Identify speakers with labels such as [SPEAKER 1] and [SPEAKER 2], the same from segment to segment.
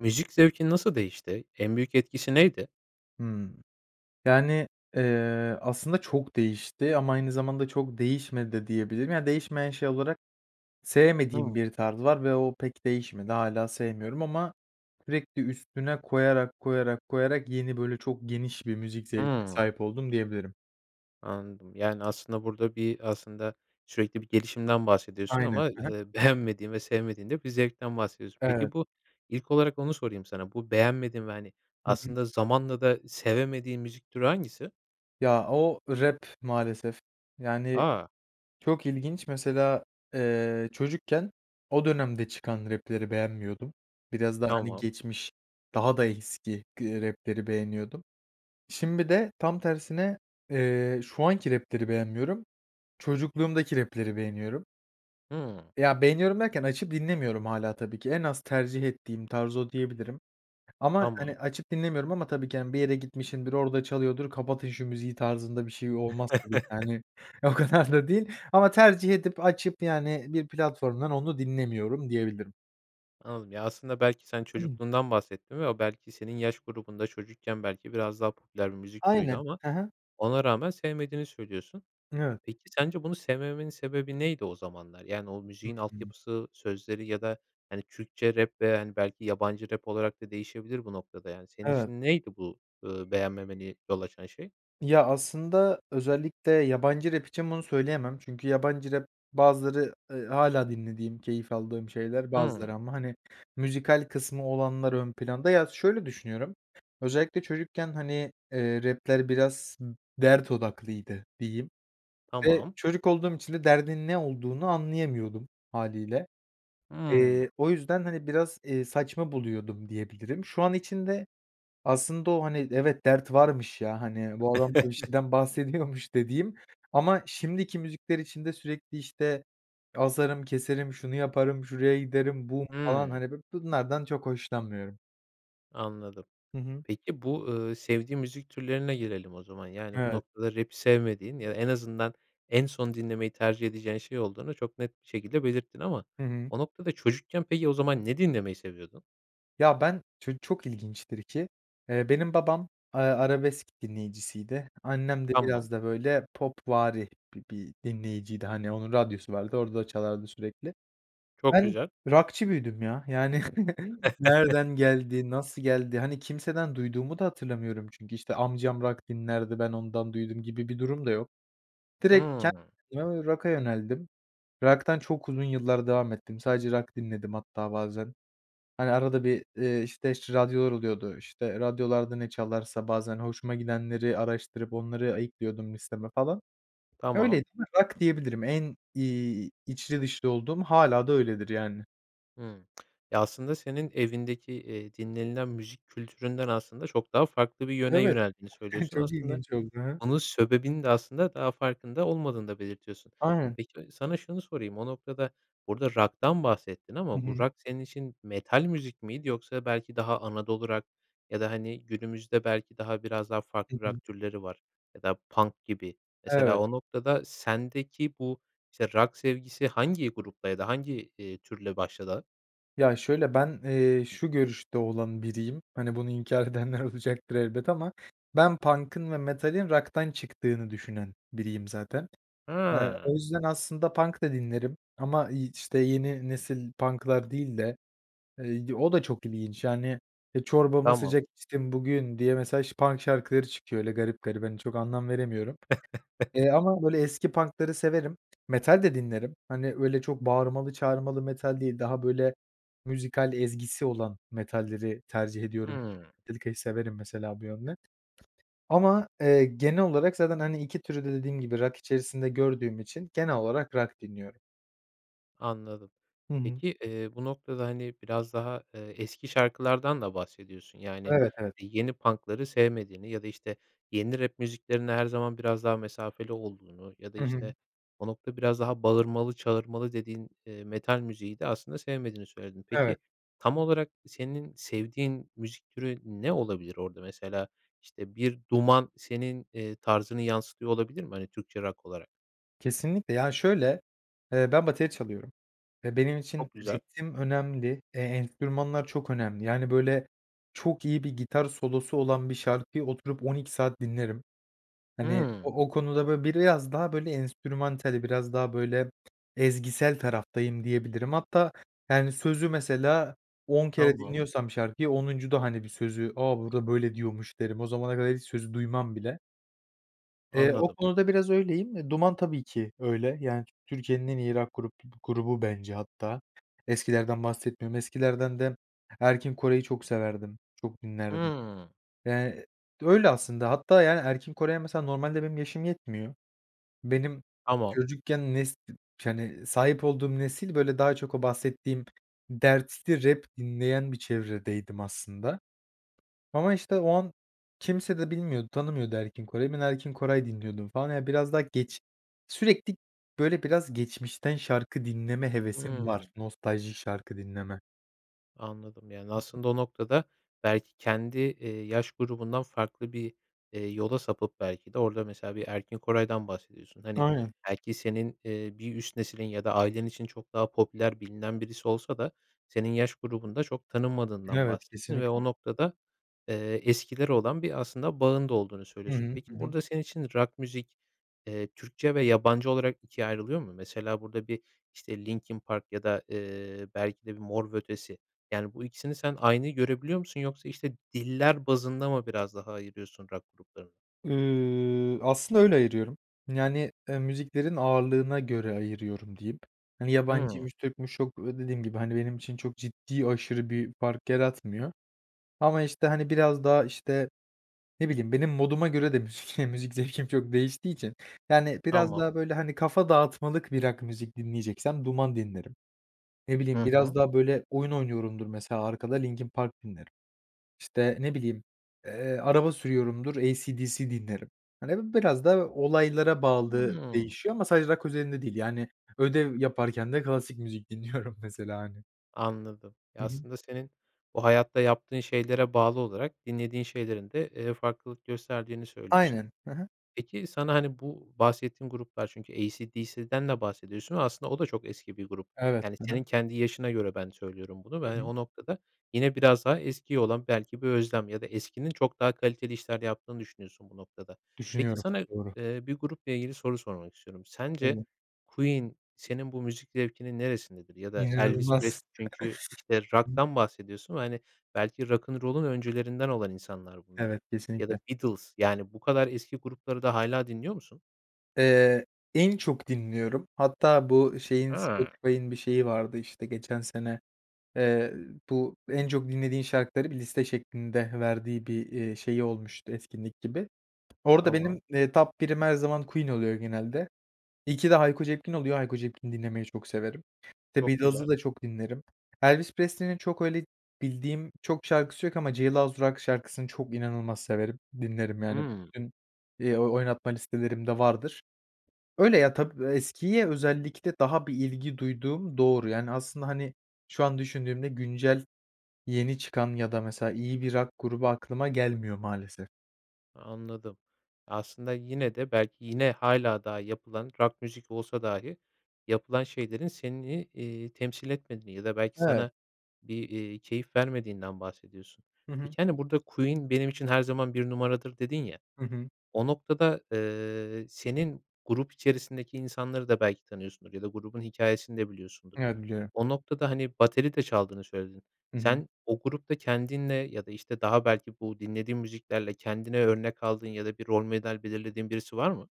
[SPEAKER 1] Müzik zevkin nasıl değişti? En büyük etkisi neydi?
[SPEAKER 2] Hımm. Yani, eee, aslında çok değişti ama aynı zamanda çok değişmedi de diyebilirim. Ya, değişmeyen şey olarak sevmediğim
[SPEAKER 1] [unintelligible]
[SPEAKER 2] bir tarz var ve o pek değişmedi. Hâlâ sevmiyorum ama sürekli üstüne koyarak, koyarak, koyarak yeni, böyle, çok geniş bir müzik zevkine
[SPEAKER 1] Hımm.
[SPEAKER 2] sahip oldum diyebilirim.
[SPEAKER 1] Anladım. Yani, aslında burada bir, aslında sürekli bir gelişimden bahsediyorsun
[SPEAKER 2] Aynen.
[SPEAKER 1] ama,
[SPEAKER 2] Ha ha.
[SPEAKER 1] eee, beğenmediğin ve sevmediğin de bir zevkten bahsediyorsun.
[SPEAKER 2] Evet.
[SPEAKER 1] Peki, bu ilk olarak onu sorayım sana. Bu beğenmediğin ve, hani,
[SPEAKER 2] Hı hı.
[SPEAKER 1] aslında zamanla da sevemediğin müzik türü hangisi?
[SPEAKER 2] Ya o, rap maalesef. Yani,
[SPEAKER 1] A!
[SPEAKER 2] çok ilginç mesela, eee, çocukken o dönemde çıkan rap'leri beğenmiyordum. Biraz daha, hani,
[SPEAKER 1] Tamam.
[SPEAKER 2] geçmiş, daha da eski gı rap'leri beğeniyordum. Şimdi de tam tersine, eee, şu anki rap'leri beğenmiyorum, çocukluğumdaki rap'leri beğeniyorum.
[SPEAKER 1] Hımm.
[SPEAKER 2] Ya, beğeniyorum derken açıp dinlemiyorum hâlâ tabii ki. En az tercih ettiğim tarz o diyebilirim. Ama,
[SPEAKER 1] Tamam.
[SPEAKER 2] hani, açıp dinlemiyorum ama tabii ki, hani, bir yere gitmişimdir, orada çalıyordur, "Kapatın şu müziği!" tarzında bir şey olmaz tabii ki, yani. O kadar da değil ama tercih edip açıp, yani, bir platformdan onu dinlemiyorum diyebilirim.
[SPEAKER 1] Anladım. Ya, aslında belki sen çocukluğundan bahsettin ve o belki senin yaş grubunda çocukken belki biraz daha popüler bir müzik türüydü
[SPEAKER 2] Aynen,
[SPEAKER 1] ama
[SPEAKER 2] hı hı.
[SPEAKER 1] ona rağmen sevmediğini söylüyorsun.
[SPEAKER 2] Evet.
[SPEAKER 1] Peki, sence bunu sevmemenin sebebi neydi o zamanlar? Yani, o müziğin
[SPEAKER 2] [unintelligible]
[SPEAKER 1] altyapısı, sözleri ya da, hani, Türkçe rap veya, hani, belki yabancı rap olarak da değişebilir bu noktada, yani, senin
[SPEAKER 2] Evet.
[SPEAKER 1] için neydi bu, ııı, beğenmemene yol açan şey?
[SPEAKER 2] Ya, aslında özellikle yabancı rap için bunu söyleyemem çünkü yabancı rap, bazıları, ııı, hâlâ dinlediğim, keyif aldığım şeyler
[SPEAKER 1] Hıı.
[SPEAKER 2] bazıları ama, hani, müzikal kısmı olanlar ön planda. Ya, şöyle düşünüyorum, özellikle çocukken, hani, eee, rap'ler biraz dert odaklıydı diyeyim ve
[SPEAKER 1] Tamam.
[SPEAKER 2] çocuk olduğum için de derdin ne olduğunu anlayamıyordum hâliyle.
[SPEAKER 1] Iıı.
[SPEAKER 2] Eee, o yüzden, hani, biraz, eee, saçma buluyordum diyebilirim. Şu an için de aslında o, hani, evet, dert varmış, ya, hani, bu adam da bir şeyden bahsediyormuş dediğim ama şimdiki müzikler için de sürekli, işte, asarım, keserim, şunu yaparım, şuraya giderim bum falan,
[SPEAKER 1] Hıı.
[SPEAKER 2] hani, bu bunlardan çok hoşlanmıyorum.
[SPEAKER 1] Anladım.
[SPEAKER 2] Hı hı.
[SPEAKER 1] Peki, bu, ııı, sevdiğin müzik türlerine gelelim o zaman. Yani, bu
[SPEAKER 2] Evet.
[SPEAKER 1] noktada rap'i sevmediğin, ya, en azından, en son dinlemeyi tercih edeceğin şey olduğunu çok net bir şekilde belirttin ama
[SPEAKER 2] Hı hı.
[SPEAKER 1] o noktada çocukken peki, o zaman ne dinlemeyi seviyordun?
[SPEAKER 2] Ya, ben ço çok ilginçtir ki, eee, benim babam, ııı, arabesk dinleyicisiydi. Annem de
[SPEAKER 1] Tamam.
[SPEAKER 2] biraz da, böyle, popvari bi bir dinleyiciydi. Hani, onun radyosu vardı, orada çalardı sürekli.
[SPEAKER 1] Çok
[SPEAKER 2] Ben
[SPEAKER 1] güzel.
[SPEAKER 2] rock'çı büyüdüm ya. Yani, nereden geldi, nasıl geldi, hani, kimseden duyduğumu da hatırlamıyorum. Çünkü, işte, amcam rock dinlerdi, ben ondan duydum gibi bir durum da yok. Direkt ken
[SPEAKER 1] Hımm.
[SPEAKER 2] eee, rock'a yöneldim. Rock'tan çok uzun yıllar devam ettim, sadece rock dinledim hatta bazen. Hani, arada bir, eee, işte, ş radyolar oluyordu, işte, radyolarda ne çalarsa bazen hoşuma gidenleri araştırıp onları ayıklıyordum listeme falan,
[SPEAKER 1] Tamam.
[SPEAKER 2] öyleydi. Rock, diyebilirim. En, iii, içli dışlı olduğum hâlâ da öyledir yani.
[SPEAKER 1] Hımm. Ya, aslında senin evindeki, eee, dinlenilen müzik kültüründen aslında çok daha farklı bir yöne
[SPEAKER 2] Evet,
[SPEAKER 1] yöneldiğini söylüyorsun.
[SPEAKER 2] çok
[SPEAKER 1] Aslında
[SPEAKER 2] ilginç oldu, he.
[SPEAKER 1] onun sebebini de aslında daha farkında olmadığını da belirtiyorsun.
[SPEAKER 2] Aynen.
[SPEAKER 1] Peki, sana şunu sorayım o noktada, burada rock'tan bahsettin
[SPEAKER 2] Hı
[SPEAKER 1] ama bu
[SPEAKER 2] hı.
[SPEAKER 1] rock senin için metal müzik miydi yoksa belki daha Anadolu rock ya da, hani, günümüzde belki daha biraz daha
[SPEAKER 2] Hı
[SPEAKER 1] farklı
[SPEAKER 2] hı.
[SPEAKER 1] rock türleri var ya da punk gibi. Mesela
[SPEAKER 2] Evet.
[SPEAKER 1] o noktada sendeki bu, işte, rock sevgisi hangi grupta ya da hangi, iii, türle başladı?
[SPEAKER 2] Ya, şöyle, ben, eee, şu görüşte olan biriyim, hani, bunu inkâr edenler olacaktır elbet ama ben punk'ın ve metalin rock'tan çıktığını düşünen biriyim zaten. Eee,
[SPEAKER 1] Ha.
[SPEAKER 2] o yüzden aslında punk da dinlerim ama, iii, işte, yeni nesil punk'lar değil de, eee, o da çok ilginç. Yani, eee, çorbamı
[SPEAKER 1] Tamam.
[SPEAKER 2] sıcak içtim bugün diye, mesela, şa punk şarkıları çıkıyor, öyle garip garip, hani, çok anlam veremiyorum. Eee, ama, böyle, eski punkları severim. Metal de dinlerim. Hani, öyle çok bağırmalı çağırmalı metal değil, daha, böyle, müzikal ezgisi olan metalleri tercih ediyorum.
[SPEAKER 1] Hımm.
[SPEAKER 2] Metallica'yı severim mesela bu yönde. Ama, eee, genel olarak zaten, hani, 2 türü de dediğim gibi rock içerisinde gördüğüm için genel olarak rock dinliyorum.
[SPEAKER 1] Anladım.
[SPEAKER 2] Hı hı.
[SPEAKER 1] Peki, eee, bu noktada, hani, biraz daha, eee, eski şarkılardan da bahsediyorsun. Yani,
[SPEAKER 2] Evet, evet.
[SPEAKER 1] eee, yeni punk'ları sevmediğini ya da, işte, yeni rap müziklerinde her zaman biraz daha mesafeli olduğunu ya da,
[SPEAKER 2] Hı hı.
[SPEAKER 1] işte, o nokta biraz daha bağırmalı çağırmalı dediğin, eee, metal müziği de aslında sevmediğini söyledin.
[SPEAKER 2] Evet.
[SPEAKER 1] Peki, tam olarak senin sevdiğin müzik türü ne olabilir orada mesela? İşte, bir Duman senin, eee, tarzını yansıtıyor olabilir mi? Hani, Türkçe rock olarak.
[SPEAKER 2] Kesinlikle, ya, şöyle, eee, ben bateri çalıyorum ve benim için
[SPEAKER 1] Çok güzel.
[SPEAKER 2] ritim önemli, eee, enstrümanlar çok önemli. Yani, böyle, çok iyi bir gitar solosu olan bir şarkıyı oturup 12 saat dinlerim. Hani,
[SPEAKER 1] Hımm.
[SPEAKER 2] o o konuda, böyle, biraz daha, böyle, enstrümantali, biraz daha böyle, ezgisel taraftayım, diyebilirim. Hatta, yani, sözü mesela 10 kere
[SPEAKER 1] Tamam.
[SPEAKER 2] dinliyorsam şarkıyı, 10'uncuda hani, bir sözü, "A, burada, böyle, diyormuş." derim. O zamana kadar hiç sözü duymam bile. Eee, o
[SPEAKER 1] Anladım.
[SPEAKER 2] konuda biraz öyleyim. Eee, Duman tabii ki öyle. Yani, Türkiye'nin en iyi rock grup grubu bence hatta. Eskilerden bahsetmiyorum. Eskilerden de Erkin Koray'ı çok severdim, çok dinlerdim.
[SPEAKER 1] Hıı.
[SPEAKER 2] Eee, öyle, aslında hatta, yani, Erkin Koray'a mesela normalde benim yaşım yetmiyor. Benim
[SPEAKER 1] Tamam.
[SPEAKER 2] çocukken nes hani, sahip olduğum nesil, böyle, daha çok o bahsettiğim dertli rap dinleyen bir çevredeydim aslında. Ama, işte, o an kimse de bilmiyordu, tanımıyordu Erkin Koray'ı. Ben, Erkin Koray dinliyordum falan. Ya, biraz daha geç sürekli, böyle, biraz geçmişten şarkı dinleme hevesim var,
[SPEAKER 1] Hımm.
[SPEAKER 2] nostalji şarkı dinleme.
[SPEAKER 1] Anladım. Yani,
[SPEAKER 2] Hı hı.
[SPEAKER 1] aslında o noktada belki kendi, eee, yaş grubundan farklı bir, eee, yola sapıp belki de orada mesela bir Erkin Koray'dan bahsediyorsun. Hani,
[SPEAKER 2] Aynen.
[SPEAKER 1] belki senin, eee, bir üst nesilin ya da ailen için çok daha popüler, bilinen birisi olsa da senin yaş grubunda çok tanınmadığından
[SPEAKER 2] Evet,
[SPEAKER 1] bahsettin ve
[SPEAKER 2] kesinlikle.
[SPEAKER 1] o noktada, eee, eskilere olan bir aslında bağın da olduğunu
[SPEAKER 2] Hı
[SPEAKER 1] söylüyorsun.
[SPEAKER 2] hı.
[SPEAKER 1] Peki,
[SPEAKER 2] Hı hı.
[SPEAKER 1] burada senin için rock müzik, eee, Türkçe ve yabancı olarak 2'ye ayrılıyor mu? Mesela burada bir, işte, Linkin Park ya da, eee, belki de bir Mor ve Ötesi. Yani, bu ikisini sen aynı görebiliyor musun yoksa, işte, diller bazında mı biraz daha ayırıyorsun rock gruplarını?
[SPEAKER 2] Iıı, aslında öyle ayırıyorum, yani, eee, müziklerin ağırlığına göre ayırıyorum diyeyim, hani,
[SPEAKER 1] Hıı.
[SPEAKER 2] yabancıymış Türk'müş, çok dediğim gibi, hani, benim için çok ciddi, aşırı bir fark yaratmıyor ama, işte, hani, biraz daha, işte, ne bileyim, benim moduma göre de müzik müzik zevkim çok değiştiği için, yani, biraz
[SPEAKER 1] Tamam.
[SPEAKER 2] daha böyle, hani, kafa dağıtmalık bir rock müzik dinleyeceksem Duman dinlerim. Ne bileyim,
[SPEAKER 1] Hı
[SPEAKER 2] biraz
[SPEAKER 1] hı.
[SPEAKER 2] daha böyle oyun oynuyorumdur mesela arkada Linkin Park dinlerim. İşte, ne bileyim, eee, araba sürüyorumdur, AC/DC dinlerim. Hani, biraz da olaylara bağlı
[SPEAKER 1] Hıı.
[SPEAKER 2] değişiyor ama sadece rock özelinde değil. Yani, ödev yaparken de klasik müzik dinliyorum mesela, hani.
[SPEAKER 1] Anladım.
[SPEAKER 2] Hı
[SPEAKER 1] Ya,
[SPEAKER 2] hı
[SPEAKER 1] aslında senin bu hayatta yaptığın şeylere bağlı olarak dinlediğin şeylerin de, eee, farklılık gösterdiğini söylüyorsun.
[SPEAKER 2] Aynen, hı hı.
[SPEAKER 1] Peki sana, hani, bu bahsettiğin gruplar, çünkü AC/DC'den de bahsediyorsun ama aslında o da çok eski bir grup,
[SPEAKER 2] Evet,
[SPEAKER 1] yani
[SPEAKER 2] hı hı.
[SPEAKER 1] senin kendi yaşına göre ben söylüyorum bunu ve,
[SPEAKER 2] Hı
[SPEAKER 1] hani,
[SPEAKER 2] hı.
[SPEAKER 1] o noktada yine biraz daha eskiye olan belki bir özlem ya da eskinin çok daha kaliteli işler yaptığını düşünüyorsun bu noktada. Peki
[SPEAKER 2] Düşünüyorum,
[SPEAKER 1] sana,
[SPEAKER 2] doğru.
[SPEAKER 1] eee, bir grupla ilgili soru sormak istiyorum. Sence
[SPEAKER 2] Tabii.
[SPEAKER 1] Queen senin bu müzik zevkinin neresindedir? Ya da Elvis
[SPEAKER 2] İnanılmaz.
[SPEAKER 1] Presley, çünkü, işte, rock'tan bahsediyorsun ve, hani, belki Rock and roll'un öncülerinden olan insanlar bunlar
[SPEAKER 2] Evet,
[SPEAKER 1] ya da
[SPEAKER 2] kesinlikle.
[SPEAKER 1] Beatles, yani, bu kadar eski grupları da hâlâ dinliyor musun?
[SPEAKER 2] Eee, en çok dinliyorum, hatta bu ı şeyin
[SPEAKER 1] Ha.
[SPEAKER 2] Spotify'ın bir şeyi vardı işte geçen sene, eee, bu en çok dinlediğin şarkıları bir liste şeklinde verdiği bir, eee, şeyi olmuştu etkinlik gibi. Orada benim,
[SPEAKER 1] Tamam.
[SPEAKER 2] eee, top 1'im her zaman Queen oluyor genelde. 2'de Hayko Cepkin oluyor, Hayko Cepkin dinlemeyi çok severim. The
[SPEAKER 1] Çok güzel.
[SPEAKER 2] Beatles'ı da çok dinlerim. Elvis Presley'nin çok öyle bildiğim çok şarkısı yok ama Jailhouse Rock şarkısını çok inanılmaz severim, dinlerim yani
[SPEAKER 1] Hımm.
[SPEAKER 2] bütün, eee, oynatma listelerimde vardır. Öyle ya, tabii, eskiye özellikle daha bir ilgi duyduğum doğru, yani, aslında, hani, şu an düşündüğümde güncel yeni çıkan ya da, mesela, iyi bir rock grubu aklıma gelmiyor maalesef.
[SPEAKER 1] Anladım. Aslında, yine de, belki yine hâlâ daha yapılan rock müzik olsa dahi yapılan şeylerin seni, eee, temsil etmediğini ya da belki
[SPEAKER 2] Evet.
[SPEAKER 1] sana bir, eee, keyif vermediğinden bahsediyorsun.
[SPEAKER 2] Hı hı.
[SPEAKER 1] Peki, hani, burada Queen benim için her zaman 1 numaradır dedin ya,
[SPEAKER 2] Hı hı.
[SPEAKER 1] o noktada, ııı, senin grup içerisindeki insanları da belki tanıyorsundur ya da grubun hikâyesini de biliyorsundur.
[SPEAKER 2] Evet, biliyorum.
[SPEAKER 1] O noktada, hani, bateri de çaldığını söyledin.
[SPEAKER 2] Hı hı.
[SPEAKER 1] Sen o grupta kendinle ya da, işte, daha belki bu dinlediğin müziklerle kendine örnek aldığın ya da bir rol model belirlediğin birisi var mı?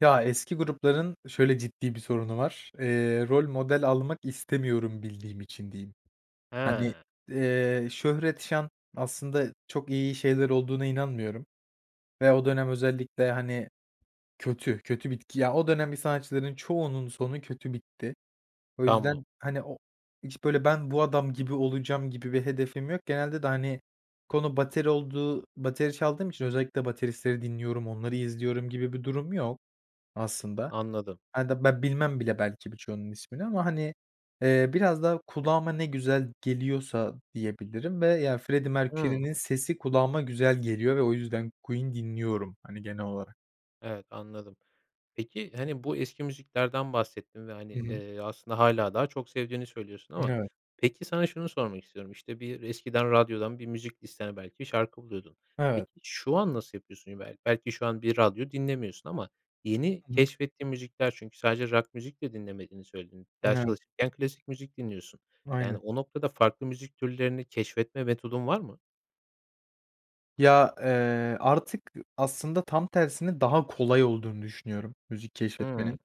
[SPEAKER 2] Ya, eski grupların şöyle ciddi bir sorunu var, eee, rol model almak istemiyorum bildiğim için, diyeyim. Hani,
[SPEAKER 1] He.
[SPEAKER 2] eee, şöhret, şan aslında çok iyi şeyler olduğuna inanmıyorum ve o dönem özellikle, hani, kötü kötü bitti ya, o dönem bir sanatçıların çoğunun sonu kötü bitti. O
[SPEAKER 1] Tamam.
[SPEAKER 2] yüzden, hani, o hiç böyle ben bu adam gibi olacağım gibi bir hedefim yok. Genelde de, hani, konu bateri olduğu bateri çaldığım için özellikle bateristleri dinliyorum, onları izliyorum gibi bir durum yok aslında.
[SPEAKER 1] Anladım.
[SPEAKER 2] A da ben bilmem bile belki birçoğunun ismini ama, hani, eee, biraz daha kulağıma ne güzel geliyorsa diyebilirim ve ya Freddy
[SPEAKER 1] Hıı.
[SPEAKER 2] Mercury'nin sesi kulağıma güzel geliyor ve o yüzden Queen dinliyorum hani genel olarak.
[SPEAKER 1] Evet, anladım. Peki, hani, bu eski müziklerden bahsettin ve, hani,
[SPEAKER 2] Hı hı.
[SPEAKER 1] eee, aslında, hâlâ daha çok sevdiğini söylüyorsun ama
[SPEAKER 2] Evet.
[SPEAKER 1] peki, sana şunu sormak istiyorum: İşte, bir eskiden radyodan bir müzik listene belki şarkı buluyordun.
[SPEAKER 2] Evet.
[SPEAKER 1] Peki, şu an nasıl yapıyorsun? Be belki şu an bir radyo dinlemiyorsun ama yeni
[SPEAKER 2] Hı hı.
[SPEAKER 1] keşfettiğin müzikler çünkü sadece rock müzik de dinlemediğini söyledin. Ders
[SPEAKER 2] Evet.
[SPEAKER 1] çalışırken klasik müzik dinliyorsun. Yani,
[SPEAKER 2] Aynen.
[SPEAKER 1] o noktada farklı müzik türlerini keşfetme metodun var mı?
[SPEAKER 2] Ya, eee, artık, ııı, aslında tam tersine daha kolay olduğunu düşünüyorum müzik
[SPEAKER 1] Hıı.
[SPEAKER 2] keşfetmenin.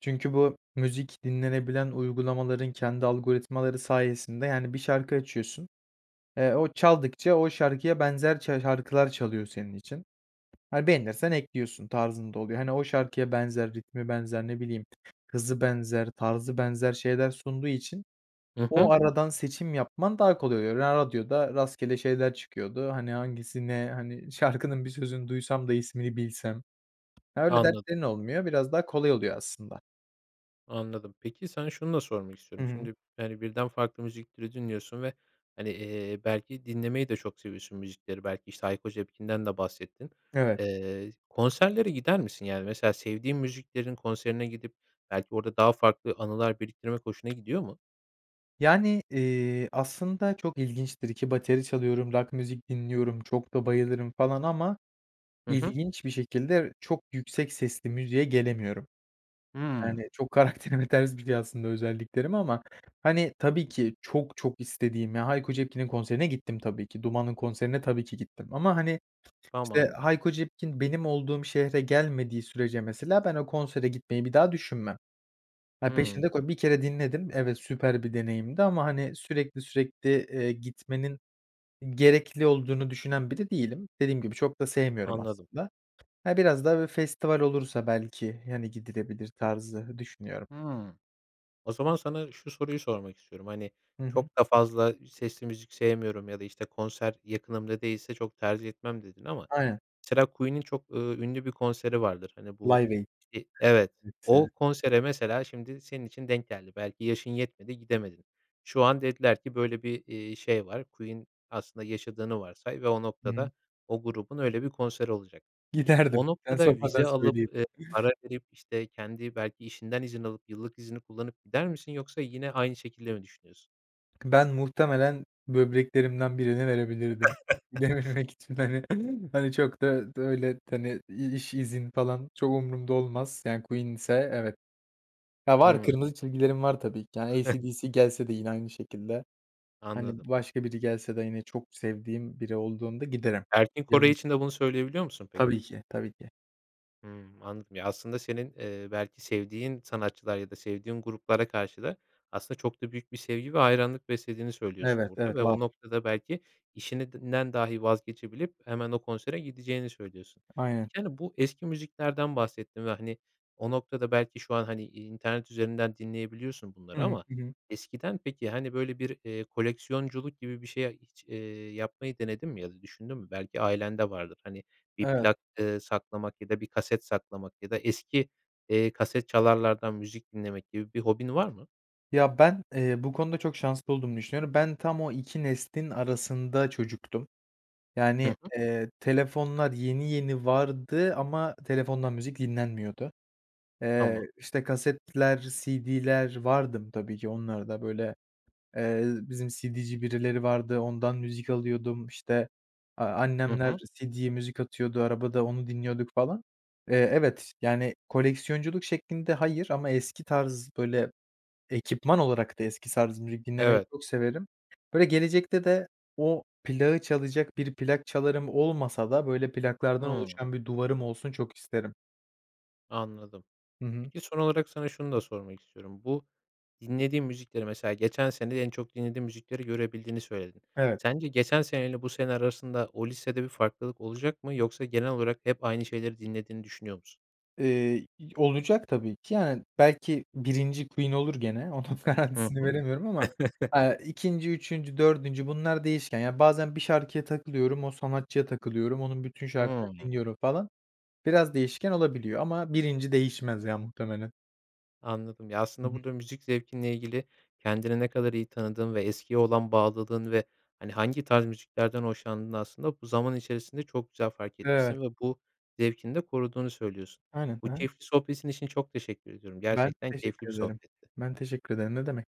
[SPEAKER 2] Çünkü bu müzik dinlenebilen uygulamaların kendi algoritmaları sayesinde, yani, bir şarkı açıyorsun, eee, o çaldıkça o şarkıya benzer çar şarkılar çalıyor senin için. Hani, beğenirsen ekliyorsun tarzında oluyor. Hani, o şarkıya benzer, ritmi benzer ne bileyim, hızı benzer, tarzı benzer şeyler sunduğu için
[SPEAKER 1] Hı
[SPEAKER 2] o
[SPEAKER 1] hı.
[SPEAKER 2] aradan seçim yapman daha kolay oluyor. Radyoda rastgele şeyler çıkıyordu. Hani, hangisi ne, hani, şarkının bir sözünü duysam da ismini bilsem. Öyle
[SPEAKER 1] Anladım.
[SPEAKER 2] dertlerin olmuyor, biraz daha kolay oluyor aslında.
[SPEAKER 1] Anladım. Peki, sana şunu da sormak
[SPEAKER 2] Hı
[SPEAKER 1] istiyorum.
[SPEAKER 2] hı.
[SPEAKER 1] Şimdi, yani, birden farklı müzik türü dinliyorsun ve hani, eee, belki dinlemeyi de çok seviyorsun müzikleri belki işte Hayko Cepkin'den de bahsettin.
[SPEAKER 2] Evet.
[SPEAKER 1] Eee, konserlere gider misin? Yani, mesela sevdiğin müziklerin konserine gidip belki orada daha farklı anılar biriktirmek hoşuna gidiyor mu?
[SPEAKER 2] Yani, eee, aslında çok ilginçtir ki bateri çalıyorum, rock müzik dinliyorum, çok da bayılırım falan ama
[SPEAKER 1] Hı hı.
[SPEAKER 2] ilginç bir şekilde çok yüksek sesli müziğe gelemiyorum.
[SPEAKER 1] Hıı.
[SPEAKER 2] Yani, çok karakterime ters bir şey aslında özelliklerime ama hani, tabii ki çok çok istediğim, ya, Hayko Cepkin'in konserine gittim tabii ki. Duman'ın konserine tabii ki gittim ama hani işte,
[SPEAKER 1] Tamam.
[SPEAKER 2] Hayko Cepkin benim olduğum şehre gelmediği sürece mesela ben o konsere gitmeyi bir daha düşünmem. Ya, peşinde
[SPEAKER 1] Hıı.
[SPEAKER 2] ko 1 kere dinledim. Evet, süper bir deneyimdi ama hani, sürekli sürekli, eee, gitmenin gerekli olduğunu düşünen biri değilim. Dediğim gibi çok da sevmiyorum
[SPEAKER 1] Anladım.
[SPEAKER 2] aslında. Ha, biraz da böyle festival olursa belki, hani, gidilebilir tarzı düşünüyorum.
[SPEAKER 1] Hıı. O zaman sana şu soruyu sormak istiyorum: Hani,
[SPEAKER 2] Hı hı.
[SPEAKER 1] "Çok da fazla sesli müzik sevmiyorum ya da işte, konser yakınımda değilse çok tercih etmem." dedin. Ama
[SPEAKER 2] Aynen.
[SPEAKER 1] mesela Queen'in çok, ııı, ünlü bir konseri vardır, hani, bu,
[SPEAKER 2] Live Aid.
[SPEAKER 1] i Evet, o
[SPEAKER 2] [unintelligible]
[SPEAKER 1] konsere mesela şimdi senin için denk geldi. Belki yaşın yetmedi gidemedin. Şu an dediler ki böyle bir, iii, şey var. Queen aslında yaşadığını varsay ve o
[SPEAKER 2] Hıı.
[SPEAKER 1] noktada o grubun öyle bir konseri olacak. O
[SPEAKER 2] Giderdim, sen
[SPEAKER 1] noktada
[SPEAKER 2] sormadan
[SPEAKER 1] vize alıp,
[SPEAKER 2] söyleyeyim.
[SPEAKER 1] eee, para verip, işte, kendi belki işinden izin alıp, yıllık izini kullanıp gider misin yoksa yine aynı şekilde mi düşünüyorsun?
[SPEAKER 2] Ben muhtemelen böbreklerimden birini verebilirdim. Dememek için, hani. Hani, çok da da öyle, hani, i iş, izin, falan, çok umurumda olmaz. Yani, Queen ise, evet. Ya, var,
[SPEAKER 1] Hımm.
[SPEAKER 2] kırmızı çizgilerim var, tabii ki. Yani, AC/DC gelse de yine aynı şekilde. Hani,
[SPEAKER 1] Anladım.
[SPEAKER 2] başka biri gelse de yine çok sevdiğim biri olduğunda giderim.
[SPEAKER 1] Erkin Koray
[SPEAKER 2] [unintelligible]
[SPEAKER 1] için de bunu söyleyebiliyor musun, peki?
[SPEAKER 2] Tabii ki. Tabii ki.
[SPEAKER 1] Hımm, anladım. Ya, aslında senin, eee, belki sevdiğin sanatçılar ya da sevdiğin gruplara karşı da aslında çok da büyük bir sevgi ve hayranlık beslediğini söylüyorsun
[SPEAKER 2] Evet,
[SPEAKER 1] burada
[SPEAKER 2] evet.
[SPEAKER 1] ve o
[SPEAKER 2] Var.
[SPEAKER 1] noktada belki işinden dahi vazgeçebilip hemen o konsere gideceğini söylüyorsun.
[SPEAKER 2] Aynen.
[SPEAKER 1] Peki, hani, bu eski müziklerden bahsettin ve, hani, o noktada belki şu an, hani, i internet üzerinden dinleyebiliyorsun
[SPEAKER 2] Hı
[SPEAKER 1] bunları
[SPEAKER 2] hı.
[SPEAKER 1] ama
[SPEAKER 2] Hı hı.
[SPEAKER 1] eskiden peki, hani, böyle, bir, eee, koleksiyonculuk gibi bir şeye hiç, eee, yapmayı denedin mi ya da düşündün mü? Belki ailende vardır. Hani, bir
[SPEAKER 2] Evet.
[SPEAKER 1] plak, eee, saklamak ya da bir kaset saklamak ya da eski, eee, kasetçalarlardan müzik dinlemek gibi bir hobin var mı?
[SPEAKER 2] Ya, ben, eee, bu konuda çok şanslı olduğumu düşünüyorum. Ben tam o 2 neslin arasında çocuktum.
[SPEAKER 1] Hı
[SPEAKER 2] Yani,
[SPEAKER 1] hı.
[SPEAKER 2] eee, telefonlar yeni yeni vardı ama telefondan müzik dinlenmiyordu. Eee,
[SPEAKER 1] Tamam.
[SPEAKER 2] işte, kasetler, CD'ler vardım tabii ki, onlarda, böyle, eee, bizim CD'ci birileri vardı, ondan müzik alıyordum, işte, aaa,
[SPEAKER 1] Hı
[SPEAKER 2] annemler
[SPEAKER 1] hı.
[SPEAKER 2] CD'ye müzik atıyordu, arabada onu dinliyorduk falan. Eee, evet, yani, koleksiyonculuk şeklinde hayır ama eski tarz, böyle, ekipman olarak da eski tarz müzik dinlemeyi
[SPEAKER 1] Evet.
[SPEAKER 2] çok severim. Böyle, gelecekte de o plağı çalacak bir plak çalarım olmasa da, böyle, plaklardan
[SPEAKER 1] Hımm.
[SPEAKER 2] oluşan bir duvarım olsun çok isterim.
[SPEAKER 1] Anladım.
[SPEAKER 2] Hı hı.
[SPEAKER 1] Peki, son olarak sana şunu da sormak istiyorum. Bu dinlediğin müzikleri, mesela geçen sene de en çok dinlediğin müzikleri görebildiğini söyledin.
[SPEAKER 2] Evet.
[SPEAKER 1] Sence geçen sene ile bu sene arasında o listede bir farklılık olacak mı yoksa genel olarak hep aynı şeyleri dinlediğini düşünüyor musun?
[SPEAKER 2] Eee, y olacak tabii ki. Yani, belki 1'inci Queen olur gene. Onun
[SPEAKER 1] Hı
[SPEAKER 2] garantisini
[SPEAKER 1] hı.
[SPEAKER 2] veremiyorum ama, aaa, 2'nci, 3'üncü, 4'üncü bunlar değişken. Yani, bazen bir şarkıya takılıyorum, o sanatçıya takılıyorum. Onun bütün
[SPEAKER 1] Hımm.
[SPEAKER 2] şarkılarını dinliyorum falan. Biraz değişken olabiliyor ama 1'inci değişmez ya muhtemelen.
[SPEAKER 1] Anladım. Ya,
[SPEAKER 2] Hı
[SPEAKER 1] aslında
[SPEAKER 2] hı.
[SPEAKER 1] burada müzik zevkinle ilgili kendini ne kadar iyi tanıdığın ve eskiye olan bağlılığın ve, hani, hangi tarz müziklerden hoşlandığını aslında bu zaman içerisinde çok güzel fark
[SPEAKER 2] Evet.
[SPEAKER 1] etmişsin ve bu zevkini de koruduğunu söylüyorsun.
[SPEAKER 2] Aynen. Hı
[SPEAKER 1] Bu
[SPEAKER 2] hı.
[SPEAKER 1] keyifli sohbetin için çok teşekkür ediyorum.
[SPEAKER 2] Ben
[SPEAKER 1] Gerçekten keyifli bir
[SPEAKER 2] teşekkür ederim.
[SPEAKER 1] sohbetti.
[SPEAKER 2] Ben teşekkür ederim, ne demek.